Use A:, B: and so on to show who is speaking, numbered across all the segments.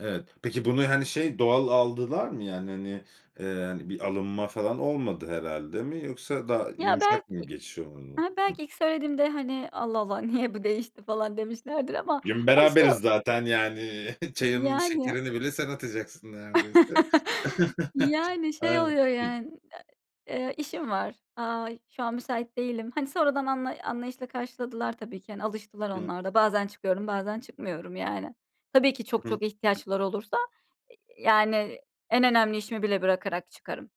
A: Evet, peki bunu, hani, şey doğal aldılar mı? Yani, hani, eee, hani, bir alınma falan olmadı herhâlde mi yoksa daha
B: Ya belki,
A: yumuşak mı geçiş oldu?
B: ha,
A: Hıh.
B: belki ilk söylediğimde, hani, Allah Allah niye bu değişti falan demişlerdir ama,
A: Bugün
B: hani, şey o
A: beraberiz zaten yani çayımın
B: Yani
A: şekerini bile sen atacaksın neredeyse.
B: Yani, şey
A: Aynen.
B: oluyor
A: Hıh.
B: yan e, eee, işim var. Aaa, şu an müsait değilim. Hani, sonradan anla anlayışla karşıladılar tabii ki, hani, alıştılar
A: Hımm.
B: onlar da. Bazen çıkıyorum, bazen çıkmıyorum yani. Tabii ki çok
A: Hı hı.
B: çok ihtiyaçları olursa, eee, yani en önemli işimi bile bırakarak çıkarım.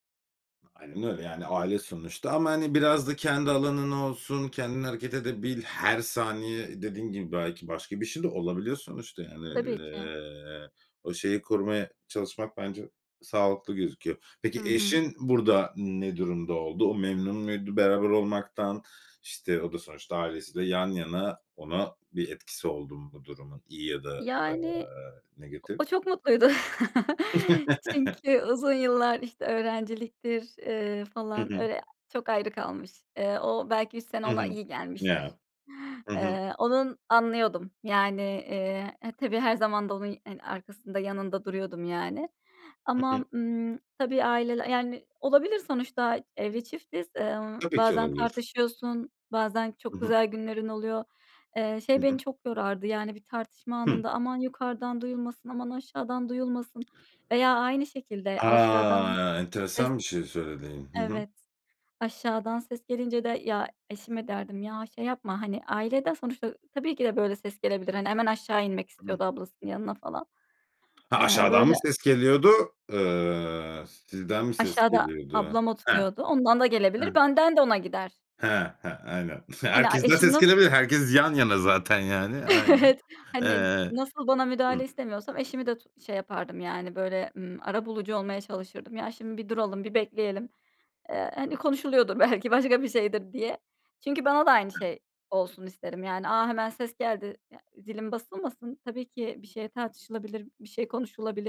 A: Aynen öyle yani aile sonuçta ama, hani, biraz da kendi alanın olsun, kendin hareket edebil, her saniye dediğin gibi belki başka bir şey de olabiliyor sonuçta yani,
B: Tabii ki.
A: eee, o şeyi korumaya çalışmak bence sağlıklı gözüküyor. Peki
B: Hı hı.
A: eşin burada ne durumda oldu? O memnun muydu beraber olmaktan? İşte o da sonuçta ailesi de yan yana ona bir etkisi oldu mu bu durumun iyi ya da,
B: Yani
A: ııı,
B: o
A: negatif?
B: o çok mutluydu. Çünkü uzun yıllar işte öğrenciliktir, eee,
A: Hı
B: falan
A: hı.
B: öyle çok ayrı kalmış. Eee, o belki 3 sene
A: Hı
B: ona
A: hı.
B: iyi gelmiştir.
A: Ya. Hı hı.
B: Eee, onun anlıyordum yani. Eee, e tabii her zaman da onun, hani, arkasında yanında duruyordum yani.
A: Hı hı.
B: Ama, ımm, tabii aileler yani olabilir sonuçta evli çiftiz. Eee,
A: Tabii ki
B: bazen
A: olabilir.
B: tartışıyorsun. Bazen
A: Hı
B: çok
A: hı.
B: güzel günlerin oluyor. Eee,
A: I
B: şey beni
A: hı.
B: çok yorardı yani bir tartışma
A: Hıh.
B: anında, aman yukarıdan duyulmasın, aman aşağıdan duyulmasın veya aynı şekilde aşağıdan
A: A!
B: ses,
A: Enteresan bir şey söyledin. Hı hı.
B: evet, aşağıdan ses gelince de ya eşime derdim ya şey yapma, hani, ailede sonuçta tabii ki de böyle ses gelebilir. Hani, hemen aşağı inmek istiyordu ablasının yanına falan.
A: Ha
B: Eee,
A: aşağıdan
B: böyle
A: mı ses geliyordu, ııı, sizden mi ses
B: Aşağıda
A: geliyordu?
B: ablam
A: Heh.
B: oturuyordu. Ondan da gelebilir,
A: Heh.
B: benden de ona gider.
A: He he. Aynen.
B: Hani, aaa,
A: Herkesten
B: eşim
A: ses
B: nasıl
A: gelebilir. Herkes yan yana zaten yani. Aynen.
B: Evet, hani,
A: Eee,
B: nasıl bana müdahale
A: hıh.
B: istemiyorsam eşimi de tu şey yapardım yani böyle, ımm, arabulucu olmaya çalışırdım. Ya şimdi bir duralım bir bekleyelim. Eee, hani konuşuluyordur belki başka bir şeydir diye. Çünkü bana da aynı şey olsun isterim yani. A, hemen ses geldi, ya zilim basılmasın. Tabii ki bir şey tartışılabilir, bir şey konuşulabilir.